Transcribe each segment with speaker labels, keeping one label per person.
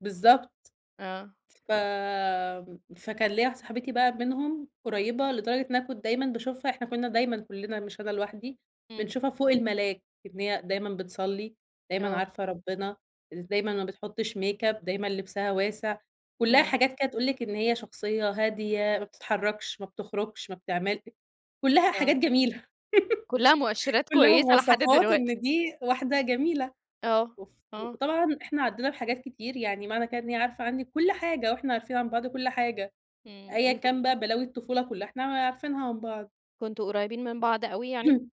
Speaker 1: بالضبط،
Speaker 2: آه.
Speaker 1: ف فكان ليّا واحدة صاحبتي بقى منهم قريّبة لدرجة إن أنا كنت دايمًا باشوفها، إحنا كنّا دايمًا كلّنا مش أنا لوحدي
Speaker 2: إمم.
Speaker 1: بنشوفها فوق الملاك، إن هي دايمًا بتصلي، دايمًا
Speaker 2: آه.
Speaker 1: عارفة ربنا، ز دايمًا ما بتحطش ميك أب، دايمًا لبسها واسع، كلّها
Speaker 2: إمم.
Speaker 1: حاجات كده تقول لِك إن هي شخصية هادية، ما بتتحركش، ما بتخرجش، ما بتعملش، كلّها
Speaker 2: آه.
Speaker 1: حاجات جميلة،
Speaker 2: كلها مؤشرات
Speaker 1: كلّها
Speaker 2: كويسة لحد
Speaker 1: مواصفات
Speaker 2: دلوقتي.
Speaker 1: إن دي واحدة جميلة،
Speaker 2: آه،
Speaker 1: وف
Speaker 2: آه.
Speaker 1: وطبعًا إحنا عدينا بحاجات كتير، يعني معنى كده إن هي عارفة عنّي كُلّ حاجة وإحنا عارفين عن بعض كُلّ حاجة،
Speaker 2: إمم
Speaker 1: أيًا
Speaker 2: أنت
Speaker 1: كان بقى بلاوي الطفولة كلّها إحنا عارفينها عن بعض.
Speaker 2: كنتم قريبين من بعض أوي يعني؟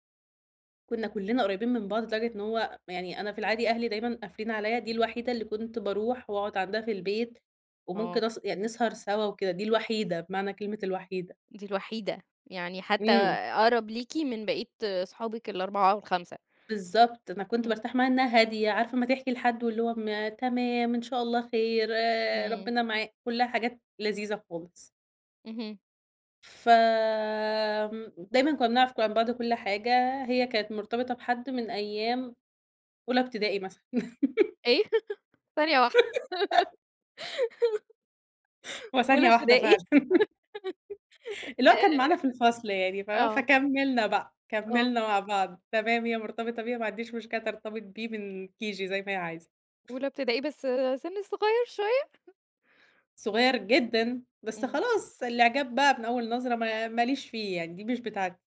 Speaker 1: كنّا كلّنا قريبين من بعض لدرجة إن هو يعني أنا في العادي أهلي دايمًا قافلين عليَّ، دي الوحيدة اللي كنت باروح واقعد عندها في البيت
Speaker 2: آه.
Speaker 1: وممكن أس يعني نسهر سوا وكده، دي الوحيدة بمعنى كلمة الوحيدة.
Speaker 2: دي الوحيدة! يعني حتى
Speaker 1: إمم.
Speaker 2: أقرب ليكِ من بقية صحابك ال4 أو ال5.
Speaker 1: بالضبط، أنا كنت
Speaker 2: إمم.
Speaker 1: بارتاح معاها إنها هادية، عارفة أمّا تحكي لحد واللي هو م تمام إن شاء الله خير، آآ،
Speaker 2: إمم.
Speaker 1: ربنا معا كلّها حاجات لذيذة خالص.
Speaker 2: اهم.
Speaker 1: ف آمم، دايمًا كنّا بنعرف ك عن بعض كل حاجة، هي كانت مرتبطة بحد من أيام أولي ابتدائي مثلًا.
Speaker 2: إيه! ثانية واحدة.
Speaker 1: هو
Speaker 2: أولى
Speaker 1: ثانية واحدة
Speaker 2: ابتدائي!
Speaker 1: فعلًا، اللي هو كان معانا في الفصل يعني،
Speaker 2: آآ
Speaker 1: فاهمة؟
Speaker 2: آه.
Speaker 1: فكملنا بقى،
Speaker 2: آه.
Speaker 1: كملنا مع بعض، تمام هي مرتبطة بيه ما عنديش مشكلة ترتبط بيه من KG زي ما هي عايزة.
Speaker 2: أولى ابتدائي بس سِن صغيّر شوية؟
Speaker 1: صغير جدًا، بس
Speaker 2: إمم.
Speaker 1: خلاص الاعجاب بقى من أول نظرة ما ما ليش فيه يعني دي مش بتاعتي.